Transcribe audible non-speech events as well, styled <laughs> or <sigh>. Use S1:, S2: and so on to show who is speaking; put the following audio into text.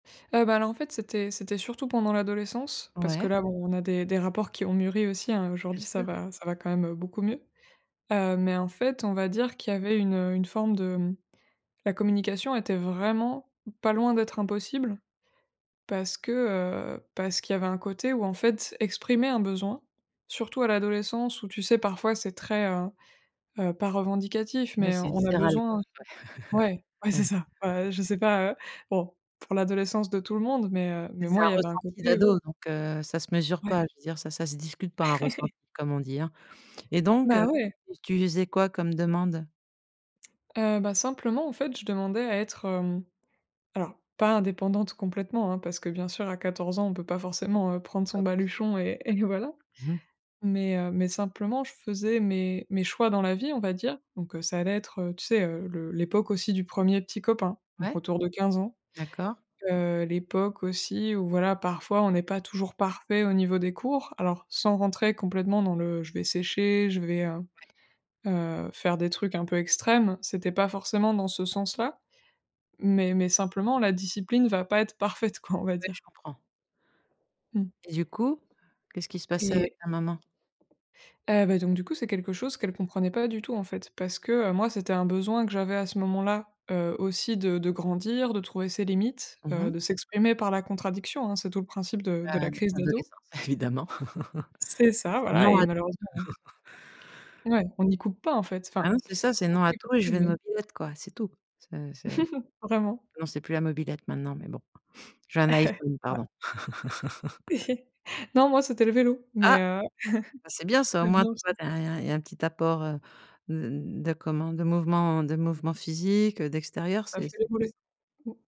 S1: Et bah, là, en fait, c'était c'était surtout pendant l'adolescence parce que,
S2: Ouais.
S1: là, bon on a des des rapports qui ont mûri aussi, hein.
S2: Bien
S1: Aujourd'hui, ça
S2: sûr.
S1: va ça va quand même, heu, beaucoup mieux. Heu mais en fait, on va dire qu'il y avait une, heu, une forme de mmh, la communication était vraiment pas loin d'être impossible, parce que, heu, parce qu'il y avait un côté où, en fait, exprimer un besoin, surtout à l'adolescence où, tu sais, parfois, c'est très, heu heu, pas revendicatif
S2: Mais
S1: mais
S2: c'est
S1: on a
S2: viscéral, quoi.
S1: besoin
S2: <chuckles>
S1: ouais, ouais,
S2: Ouais.
S1: c'est ça!
S2: <chuckles> Ouais.
S1: Heu, je sais pas, heu, bon, pour l'adolescence de tout le monde mais heu,
S2: Mais
S1: mais
S2: c'est
S1: moi, il
S2: un
S1: y avait un
S2: ressenti
S1: côté
S2: d'ado,
S1: où
S2: donc heu, ça se mesure
S1: Ouais.
S2: pas. Je veux dire ça, ça se discute pas un
S1: <chuckles>
S2: ressenti, comme on dit, hein et donc
S1: Bah
S2: heu,
S1: ouais.
S2: tu lui faisais quoi comme demande?
S1: Heu, bah, simplement, en fait, je demandais à être, hem, alors pas indépendante complètement, hein, parce que, bien sûr, à 14 ans, on peut pas forcément, heu, prendre son
S2: Pas possible,
S1: baluchon et et voilà.
S2: non, ouais. Mmh mh.
S1: Mais heu, mais simplement je faisais mes mes choix dans la vie, on va dire. Donc heu, ça allait être, heu, tu sais, heu le l'époque aussi du 1er petit copain, donc
S2: Ouais,
S1: autour de 15 ans.
S2: d'accord.
S1: Heu, l'époque, aussi, où voilà, parfois, on est pas toujours parfait au niveau des cours, alors sans rentrer complètement dans le: «Je vais sécher, je vais, heu
S2: Ouais.
S1: heu, faire des trucs un peu extrêmes», c'était pas forcément dans ce sens-là. Mais mais simplement, «La discipline va pas être parfaite», quoi, on va
S2: Ouais, je
S1: dire.
S2: comprends.
S1: Mmh.
S2: Et du coup, qu'est-ce qui se passait avec
S1: Et
S2: ta maman?
S1: Heu, bah donc du coup, c'est quelque chose qu'elle comprenait pas du tout, en fait, parce que, heu, moi, c'était un besoin que j'avais à ce moment-là, heu, aussi de grandir, de trouver ses limites,
S2: Mmh
S1: heu,
S2: mh.
S1: de s'exprimer par la contradiction, hein. C'est tout le principe de
S2: Ah
S1: de
S2: à
S1: la crise d'ado.
S2: l'adolescence, évidemment.
S1: C'est
S2: <chuckles>
S1: ça,
S2: C'est
S1: voilà
S2: non
S1: et
S2: à tout.
S1: malheureusement, on
S2: <chuckles>
S1: ouais, on y coupe pas, en fait.
S2: Ah
S1: Enfin,
S2: ouais, c'est ça, c'est
S1: on
S2: non
S1: peut
S2: à
S1: les
S2: tout.
S1: couper
S2: Et je veux une
S1: nous-mêmes.
S2: mobylette, quoi, c'est tout. C'est c'est
S1: <chuckles> Vraiment.
S2: non, c'est plus la mobylette maintenant, mais bon. Je veux un
S1: <chuckles>
S2: Iphone,
S1: Ouais.
S2: pardon.
S1: <chuckles>
S2: <laughs>
S1: Non, moi, c'était le vélo
S2: Ah!
S1: mais heu,,
S2: Ah c'est bien
S1: <chuckles>
S2: ça, au
S1: c'est
S2: moins,
S1: bien
S2: tu vois,
S1: aussi.
S2: il y a il y a un petit apport, heu, de comment, de mouvement, de mouvements physiques, heu, d'extérieur,
S1: Ça
S2: c'est
S1: fait les
S2: c'est plus sain.
S1: mollets, mmh.